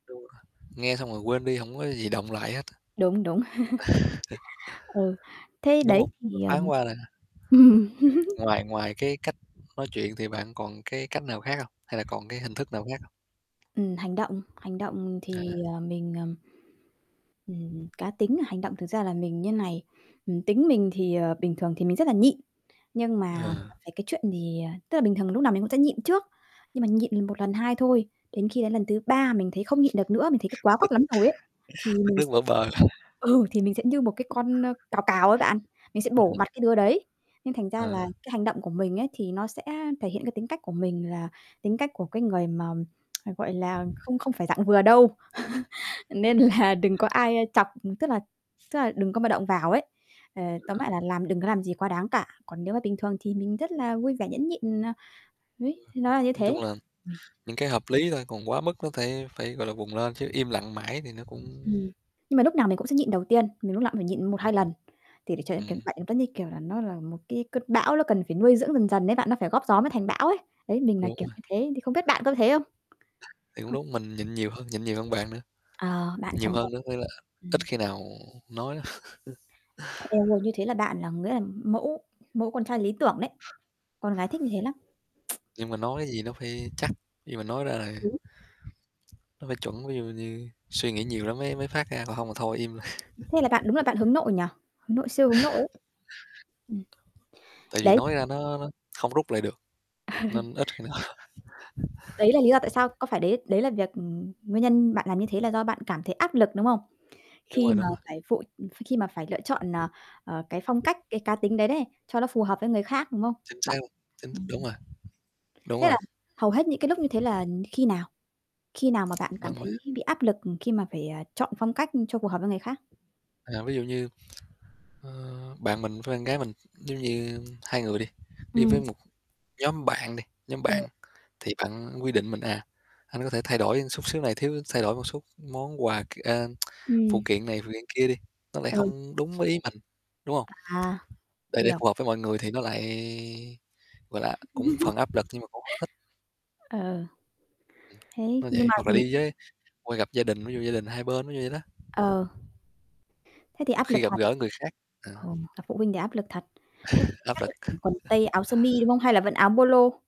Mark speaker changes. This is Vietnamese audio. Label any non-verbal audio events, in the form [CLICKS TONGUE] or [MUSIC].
Speaker 1: Đúng rồi, nghe xong rồi quên đi hổng có gì đọng lại hết.
Speaker 2: Đúng, đúng.
Speaker 1: Ờ.
Speaker 2: [CHUCKLES] Ừ, thế
Speaker 1: Đúng
Speaker 2: đấy,
Speaker 1: hông? Nó
Speaker 2: thì,
Speaker 1: thoáng
Speaker 2: ờm
Speaker 1: qua thôi ha. Kê.
Speaker 2: [LAUGHS]
Speaker 1: Ngoài ngoài cái cách nói chuyện thì bạn còn cái cách nào khác hông, hay là còn cái hình thức nào khác hông?
Speaker 2: Ừm, hành động, hành động thì,
Speaker 1: À.
Speaker 2: ờ, mình, ờm, ừm, cá tính là hành động thực ra là mình như này, ừm, tính mình thì ờ, bình thường thì mình rất là nhịn, nhưng mà
Speaker 1: À.
Speaker 2: về cái chuyện thì ờ, tức là bình thường mình lúc nào mình cũng sẽ nhịn trước, nhưng mà nhịn lần 1, lần 2 thôi, đến khi đến lần thứ 3 mình thấy không nhịn được nữa, mình thấy c quá
Speaker 1: Tức
Speaker 2: quắt lắm rồi ấy, thì
Speaker 1: [CHUCKLES] tức
Speaker 2: mình
Speaker 1: nước
Speaker 2: sẽ
Speaker 1: vỡ bờ.
Speaker 2: ừ,
Speaker 1: [CHUCKLES]
Speaker 2: thì mình sẽ như một cái con, ơ, cào cào ấy bạn, mình sẽ bổ
Speaker 1: [UNINTELLIGIBLE]
Speaker 2: mặt cái đứa đấy. Nên thành ra là,
Speaker 1: Ờ.
Speaker 2: cái hành động của mình ấy, thì, nó sẽ thể hiện cái tính cách của mình là, tính cách của cái người mà [CLICKS TONGUE] gọi là không không phải dạng vừa đâu. [CHUCKLES] Nên là đừng có ai, ơ, chọc, ừ, tức là tức là đừng có mà động vào ấy. Ờ, tóm lại là
Speaker 1: [UNINTELLIGIBLE]
Speaker 2: làm đừng có làm gì quá đáng cả, còn nếu mà bình thường thì mình rất là vui vẻ nhẫn nhịn, à,
Speaker 1: Ừ.
Speaker 2: [UNINTELLIGIBLE] nó là như
Speaker 1: Nói
Speaker 2: thế.
Speaker 1: chung là,
Speaker 2: Mình
Speaker 1: những cái hợp lý thôi, còn quá mức nó phải phải, gọi là, vùng lên, chứ im lặng mãi thì nó cũng
Speaker 2: Ừm. Nhưng mà lúc nào mình cũng sẽ nhịn đầu tiên, mình lúc nào cũng phải nhịn một
Speaker 1: Ừm.
Speaker 2: hai lần. Thì để cho
Speaker 1: Ừm.
Speaker 2: [UNINTELLIGIBLE] giống như kiểu là nó là một cái cơn bão nó cần phải nuôi dưỡng dần dần ấy bạn, nó phải góp gió mới thành bão ấy. Đấy, mình là
Speaker 1: Đúng
Speaker 2: kiểu
Speaker 1: rồi.
Speaker 2: như thế thì không biết bạn có thế không?
Speaker 1: Thì cũng
Speaker 2: [UNINTELLIGIBLE]
Speaker 1: đúng, mình nhịn nhiều hơn nhịn nhiều hơn bạn nữa.
Speaker 2: Ờ, bạn
Speaker 1: Nhiều
Speaker 2: trầm [UNINTELLIGIBLE]
Speaker 1: hơn nữa, nên là
Speaker 2: ừm.
Speaker 1: ít khi nào nói lắm. [CHUCKLES]
Speaker 2: Eo ôi, như thế là bạn là nghĩa là mẫu mẫu con trai lý tưởng đấy, con gái thích như thế lắm. [TSK]
Speaker 1: Nhưng mà nói cái gì nó phải chắc, nhưng mà nói ra là
Speaker 2: Đúng.
Speaker 1: nó phải chuẩn. Ví dụ như suy nghĩ nhiều lắm mới mới phát ra, còn hông thì thôi im.
Speaker 2: Thế là bạn đúng là bạn
Speaker 1: [CHUCKLES]
Speaker 2: hướng nội nhỉ, hướng nội, siêu hướng nội ấy. Ừm.
Speaker 1: [CHUCKLES] Tại vì
Speaker 2: Đấy.
Speaker 1: nói ra nó nó không rút lại được, nên ít khi nào
Speaker 2: [CHUCKLES] Đấy là lý do tại sao, có phải đấy đấy là việc ừm, nguyên nhân bạn làm như thế là do bạn cảm thấy áp lực, đúng không?
Speaker 1: Đúng
Speaker 2: Khi
Speaker 1: rồi,
Speaker 2: mà
Speaker 1: đúng rồi.
Speaker 2: phải phụ, ph khi mà phải lựa chọn, ờ, ờ, cái phong cách cái cá tính đấy đấy, cho nó phù hợp với người khác, đúng không?
Speaker 1: Chính
Speaker 2: Bạn
Speaker 1: xác luôn, chính th đúng
Speaker 2: ừm.
Speaker 1: rồi. Đúng
Speaker 2: Thế
Speaker 1: rồi.
Speaker 2: là, hầu hết những cái lúc như thế là, ừm, khi nào? Khi nào mà bạn cảm
Speaker 1: Bằng mà.
Speaker 2: thấy bị áp lực, ừm, khi mà phải à, chọn phong cách cho phù hợp với người khác?
Speaker 1: À, ví dụ như, ờ, bạn mình với bạn gái mình, giống như hai người đi, đi với
Speaker 2: Ừm.
Speaker 1: một nhóm bạn đi, nhóm
Speaker 2: Ờ.
Speaker 1: bạn, thì bạn quy định mình: "À, anh có thể thay đổi xúc xíu này thiếu thay đổi một xúc món quà k à, [TSK] phụ
Speaker 2: Ừm.
Speaker 1: kiện này, phụ kiện kia đi." Nó lại
Speaker 2: Ừ.
Speaker 1: không đúng với ý mình, đúng không?
Speaker 2: À,
Speaker 1: [TSK] Để để
Speaker 2: hiểu.
Speaker 1: phù hợp với mọi người thì nó lại, gọi là, cũng phần áp lực nhưng mà cũng hông thích.
Speaker 2: [CHUCKLES] Ờ.
Speaker 1: Ừm,
Speaker 2: Thế,
Speaker 1: nó
Speaker 2: nhưng
Speaker 1: vậy,
Speaker 2: mà
Speaker 1: hoặc là
Speaker 2: vì
Speaker 1: đi với qua gặp gia đình, ví dụ gia đình hai bên, ví dụ vậy đó.
Speaker 2: Ờ. Thế thì áp lực
Speaker 1: Khi gặp
Speaker 2: thật.
Speaker 1: gỡ người khác, ờ.
Speaker 2: Ờ, gặp phụ huynh thì áp lực thật, lúc
Speaker 1: [CHUCKLES]
Speaker 2: đấy
Speaker 1: Áp
Speaker 2: chắc là
Speaker 1: lực.
Speaker 2: phải quần tây, áo
Speaker 1: [CHUCKLES]
Speaker 2: sơ mi, đúng không? Hay là vẫn áo Polo?